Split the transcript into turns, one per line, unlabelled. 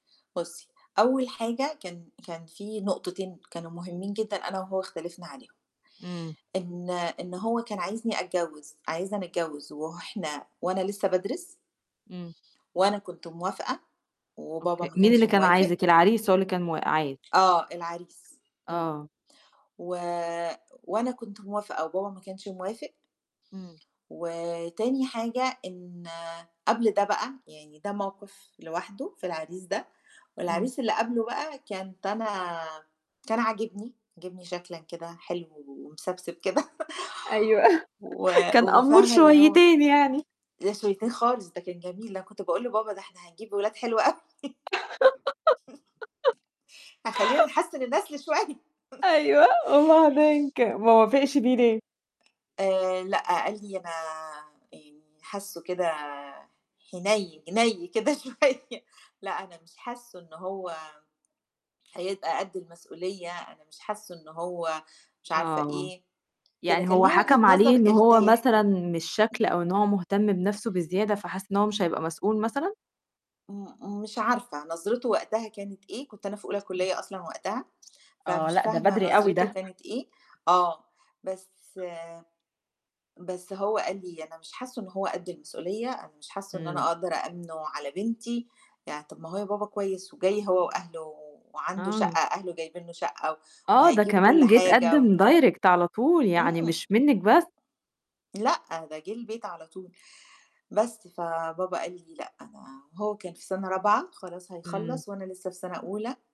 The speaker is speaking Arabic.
بُصّي أول حاجة كان كان في نقطتين كانوا مُهمّين جدًا أنا وهو اختلفنا عليهم،
إمم.
إن إن هو كان عايزني أتجوّز عايزنا نتجوّز وه إحنا وأنا لسّه بادرس
إمم.
وأنا كنت موافقة وبابا
أوكي،
ما
مين
كانش
اللي كان
موافق
عايزِك؟ العريس هو اللي كان مواق عاي
آه، العريس إمم.
آه.
و وأنا كنت موافقة وبابا ما كانش موافق
إمم.
وتاني حاجة إن قبل ده بقى، يعني ده موقِف لوحده في العريس ده،
إمم.
والعريس اللي قبله بقى كانت أنا كان عاجبني، عاجبني شكلًا كده حلو ومِسَبسِب كده
أيوه،
و
كان قَمّور
وفاهمة اللي هو
شويّتين يعني.
ده شويّتين خالص ده كان جميل ده أنا كنت باقول لبابا ده إحنا هنجيب ولاد حلوة أوي. هيخلّينا نحسّن النسل شوي
أيوه، وبعدين ك ما وافقش بيه ليه؟
آآ لأ، قال لي "أنا يعني حاسّه كده حنيّن نَي كده شوية لأ، أنا مش حاسّه إن هو هيبقى قد المسئولية،" أنا مش حاسّه إنه هو مش عارفة
آه.
إيه، كده
يعني
كان
هو
لي وجهة
حَكَم عليه
نظر
إن هو
أرتاح
مثلًا من الشكل أو إن هو مُهتم بنَفْسه بزيادة فحس إن هو مش هيبقى مسؤول مثلًا؟
م مش عارفة نظرته وقتها كانت إيه، كنت أنا في أولى
إمم.
كلّية أصلًا وقتها،
آه،
فمش
لأ، ده
فاهمة
بدري أوي
نظرته
ده.
كانت إيه، آه، بس بس هو قال لي "أنا مش حاسّه إن هو قد المسؤولية، أنا مش حاسّه إن
إمم.
أنا أقدر أأمنُه على بنتي." يعني طَب ما أهو بابا كويس وجاي هو وأهله وعنده شقّة
آه.
أهله جايبين له شقّة و
آه، ده
وهيجيبوا كلّ
كمان جِه
حاجة و
اتقدّم direct على طول يعني
إمم.
مش منِّك بس.
لأ، ده جِه البيت على طول، بس فبابا قال لي لأ، أنا هو كان في سَنة رابعة خلاص
إمم.
هيخلّص وأنا لسّه في سَنة أولى